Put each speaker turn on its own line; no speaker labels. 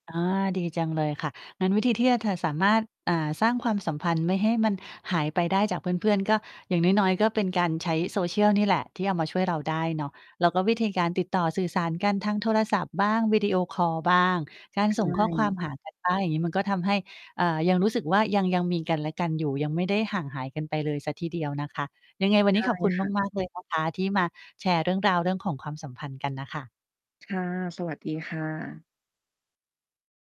อา ดีจังเลยค่ะ งั้นวิธีที่ อา เธอสามารถ อ่า สร้างความสัมพันธ์ไม่ให้มันหายไปได้จากเพื่อน ๆ ก็ อย่างน้อย ๆ ก็เป็นการใช้ Social นี่แหละ ที่เอามาช่วยเราได้เนาะ แล้วก็วิธีการติดต่อสื่อสารกันทางโทรศัพท์บ้าง วิดีโอคอลบ้าง การ
ใช
ส่งข้อความ
่
หากัน ได้ อย่างงี้ มันก็ทำให้ อ่า ยังรู้สึกว่า ยัง ยังมีกันและกันอยู่ ยังไม่ได้ห่างหายกันไปเลยสักทีเดียวนะคะ ยังไงวัน
ใ
น
ช
ี้
่
ขอบคุณ
ค่ะ
มาก ๆ เลยนะคะ ที่มาแชร์เรื่องราวเรื่องของความสัมพันธ์กันน่ะค่ะ
ค่ะ สวัสดีค่ะ